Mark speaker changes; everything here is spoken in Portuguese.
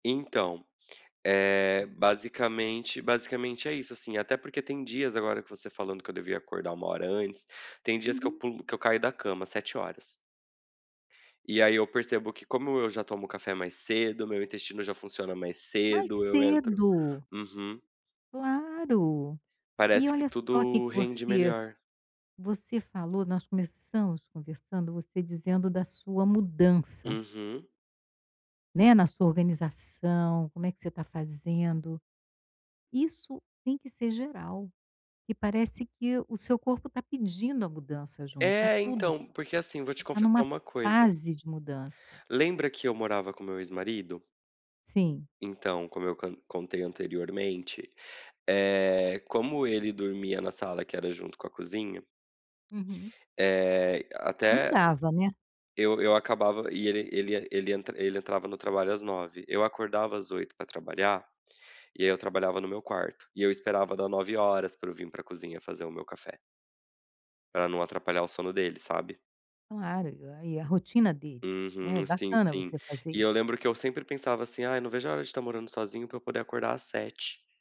Speaker 1: Então, eh, basicamente basicamente é isso assim, até porque tem dias agora que você falando que eu devia acordar 1 hora antes, tem dias que eu
Speaker 2: Uhum.
Speaker 1: pulo que eu caio da cama 7h. E aí eu percebo que como eu já tomo café mais cedo, o meu intestino já funciona mais
Speaker 2: Mais
Speaker 1: cedo, eu entro
Speaker 2: cedo.
Speaker 1: uhum.
Speaker 2: Claro, e
Speaker 1: Parece que
Speaker 2: olha só que
Speaker 1: tudo
Speaker 2: que
Speaker 1: rende
Speaker 2: você
Speaker 1: melhor.
Speaker 2: você falou, nós começamos conversando você dizendo da sua mudança.
Speaker 1: Uhum.
Speaker 2: Né, na sua organização, como é que você está fazendo, isso tem que ser geral, e parece que o seu corpo está pedindo a mudança junto, tá
Speaker 1: É,
Speaker 2: tudo,
Speaker 1: então, porque assim, vou te
Speaker 2: tá tendo
Speaker 1: confessar
Speaker 2: uma
Speaker 1: uma coisa
Speaker 2: fase de mudança.
Speaker 1: Lembra que eu morava com meu ex-marido?
Speaker 2: Sim.
Speaker 1: Então, como eu con contei anteriormente, eh, como ele dormia na sala que era junto com a cozinha
Speaker 2: Uhum.
Speaker 1: Eh,
Speaker 2: Não
Speaker 1: até,
Speaker 2: dava, né.
Speaker 1: eu eu acabava e ele ele ele entra ele entrava no trabalho às 9, eu acordava às 8 para trabalhar, e aí eu trabalhava no meu quarto, e eu esperava dar 9 horas para eu vim para cozinha fazer o meu café. Para não atrapalhar o sono dele, sabe?
Speaker 2: Claro, aí é a rotina dele, né, é
Speaker 1: Uhum, sim,
Speaker 2: bacana
Speaker 1: sim.
Speaker 2: você fazer
Speaker 1: E eu
Speaker 2: isso.
Speaker 1: lembro que eu sempre pensava assim ai não vejo a hora de tá morando sozinho pra eu poder acordar às 7.